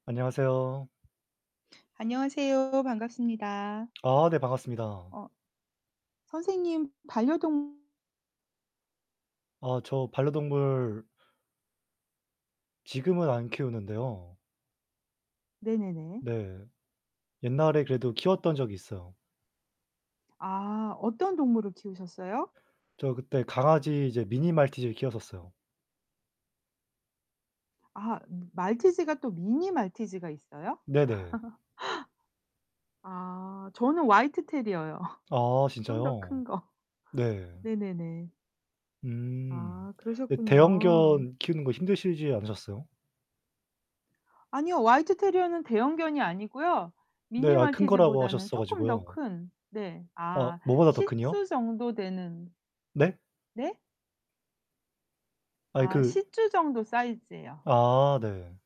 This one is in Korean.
안녕하세요. 안녕하세요. 반갑습니다. 아 네 반갑습니다. 어 선생님 반려동 아 저 반려동물 지금은 안 키우는데요. 네네네. 네. 옛날에 그래도 키웠던 적이 있어요. 아 어떤 동물을 키우셨어요? 저 그때 강아지 이제 미니 말티즈를 키웠었어요. 아 말티즈가 또 미니 말티즈가 있어요? 네네. 아 저는 화이트 테리어요. 아 좀 더 진짜요? 큰 거. 네. 네네네. 음. 아 근데 그러셨군요. 대형견 키우는 거 힘드시지 않으셨어요? 아니요. 화이트 테리어는 대형견이 아니고요. 네, 미니 아 큰 거라고 말티즈보다는 하셨어 쪼끔 더 가지고요. 큰. 네. 아 아아 뭐보다 더 큰이요? 시츄 정도 되는. 네? 네? 아니 아 그 시츄 정도 사이즈예요. 아 네.